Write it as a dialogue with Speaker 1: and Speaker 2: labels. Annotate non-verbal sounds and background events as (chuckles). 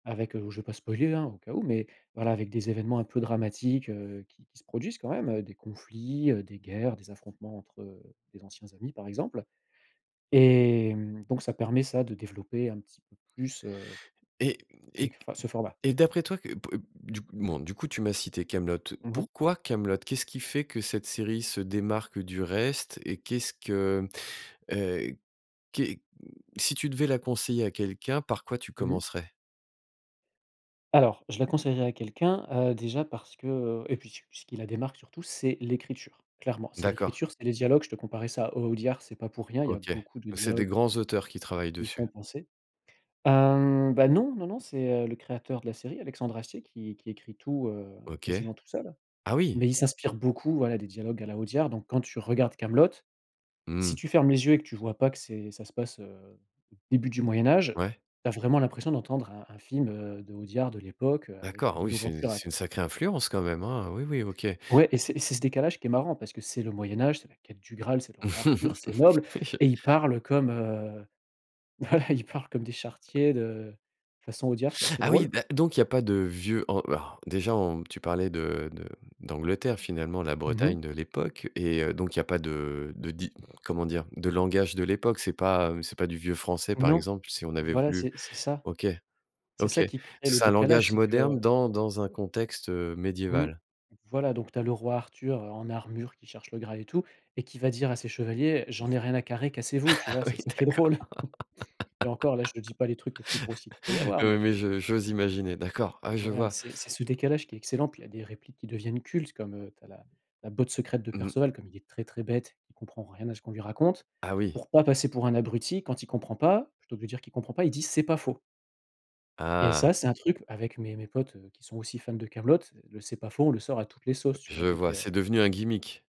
Speaker 1: Avec heu oh je vais pas spoiler hein, au cas où, mais voilà, avec des événements un peu dramatiques, heu, qui qui se produisent quand même, heu, des conflits, heu, des guerres, des affrontements entre des anciens amis par exemple. Et hem donc, ça permet, ça, de développer un petit peu plus heu
Speaker 2: Et
Speaker 1: avec
Speaker 2: et
Speaker 1: le enfin, ce format.
Speaker 2: et d'après toi, que p du coup bon, du coup tu m'as cité Kaamelott.
Speaker 1: Mmh mh.
Speaker 2: Pourquoi Kaamelott? Qu'est-ce qui fait que cette série se démarque du reste? Et qu'est-ce que heu, qu'est si tu devais la conseiller à quelqu'un, par quoi tu
Speaker 1: Mmh mh.
Speaker 2: commencerais?
Speaker 1: Alors: je la conseillerais à quelqu'un, heu, déjà parce que, heu et puis ce qui ce qui la démarque surtout, c'est l'écriture, clairement. C'est
Speaker 2: D'accord.
Speaker 1: l'écriture, c'est les dialogues, je te comparais ça à Au Audiard, c'est pas pour rien, il y a
Speaker 2: OK, beh
Speaker 1: beaucoup de
Speaker 2: c'est des
Speaker 1: dialogues
Speaker 2: grands
Speaker 1: qui
Speaker 2: auteurs qui travaillent
Speaker 1: y font
Speaker 2: dessus.
Speaker 1: penser. Hem, bah, non, non, non, c'est, heu, le créateur de la série, Alexandre Astier, qui qui écrit tout, heu,
Speaker 2: OK.
Speaker 1: quasiment tout seul,
Speaker 2: Ah oui!
Speaker 1: mais il s'inspire beaucoup, voilà, des dialogues à la Audiard. Donc, quand tu regardes Kaamelott, si
Speaker 2: Mmh.
Speaker 1: tu fermes les yeux et que tu vois pas que c'est ça se passe, heu, au début du Moyen Âge,
Speaker 2: Ouais.
Speaker 1: tu as vraiment l'impression d'entendre un un film, heu, d'Audiard, de l'époque avec
Speaker 2: D'accord, oui,
Speaker 1: Lino
Speaker 2: c'est
Speaker 1: Ventura,
Speaker 2: c'est
Speaker 1: quoi.
Speaker 2: une sacrée influence, quand même, hein? Oui, oui, OK.
Speaker 1: Ouais, et c'est et c'est ce décalage qui est marrant parce que c'est le Moyen Âge, c'est la quête du Graal, c'est le roi Arthur, c'est
Speaker 2: (chuckles)
Speaker 1: noble
Speaker 2: Oui, je
Speaker 1: et ils parlent comme, heu voilà ils parlent comme des charretiers de façon Audiard c'est assez
Speaker 2: Ah oui,
Speaker 1: drôle.
Speaker 2: da donc il y a pas de vieux oh oh déjà on tu parlais de de d'Angleterre, finalement, la
Speaker 1: Mmh mh.
Speaker 2: Bretagne de l'époque et, heu, donc il y a pas de de di comment dire, de langage de l'époque? C'est pas c'est pas du vieux français, par
Speaker 1: Non,
Speaker 2: exemple si on avait
Speaker 1: voilà,
Speaker 2: voulu
Speaker 1: c'est c'est ça
Speaker 2: OK,
Speaker 1: c'est
Speaker 2: OK,
Speaker 1: ça qui crée le
Speaker 2: c'est un
Speaker 1: décalage,
Speaker 2: langage
Speaker 1: c'est que
Speaker 2: moderne dans dans un contexte, heu,
Speaker 1: Mmh.
Speaker 2: médiéval.
Speaker 1: Voilà, donc, tu as le roi Arthur en armure qui cherche le Graal et tout, et qui va dire à ses chevaliers: «J'en
Speaker 2: (chuckles)
Speaker 1: ai rien à carrer, cassez-vous». Tu
Speaker 2: Ah
Speaker 1: vois,
Speaker 2: oui,
Speaker 1: c'est ça qui est
Speaker 2: d'accord!
Speaker 1: drôle (laughs) et encore là, je te dis pas les trucs les plus grossiers qu'il peut y
Speaker 2: (laughs)
Speaker 1: avoir
Speaker 2: Oui,
Speaker 1: mais
Speaker 2: oui, je j'ose imaginer. D'accord, ah oui, je
Speaker 1: Voilà,
Speaker 2: vois.
Speaker 1: c'est c'est ce décalage qui est excellent. Puis, il y a des répliques qui deviennent cultes comme heu, tu as la la botte secrète de
Speaker 2: Mmh.
Speaker 1: Perceval: comme il est très, très bête, il comprend rien à ce qu'on lui raconte,
Speaker 2: Ah oui.
Speaker 1: pour pas passer pour un abruti quand il comprend pas, plutôt que de dire qu'il comprend pas, il dit: «C'est pas faux». Et
Speaker 2: Ah!
Speaker 1: ça, c'est un truc avec mes mes potes, heu, qui sont aussi fans de Kaamelott, le «c'est pas faux», on le sort à toutes les sauces, tu
Speaker 2: Je
Speaker 1: vois, dès
Speaker 2: vois,
Speaker 1: qu'il y a
Speaker 2: c'est devenu un gimmick.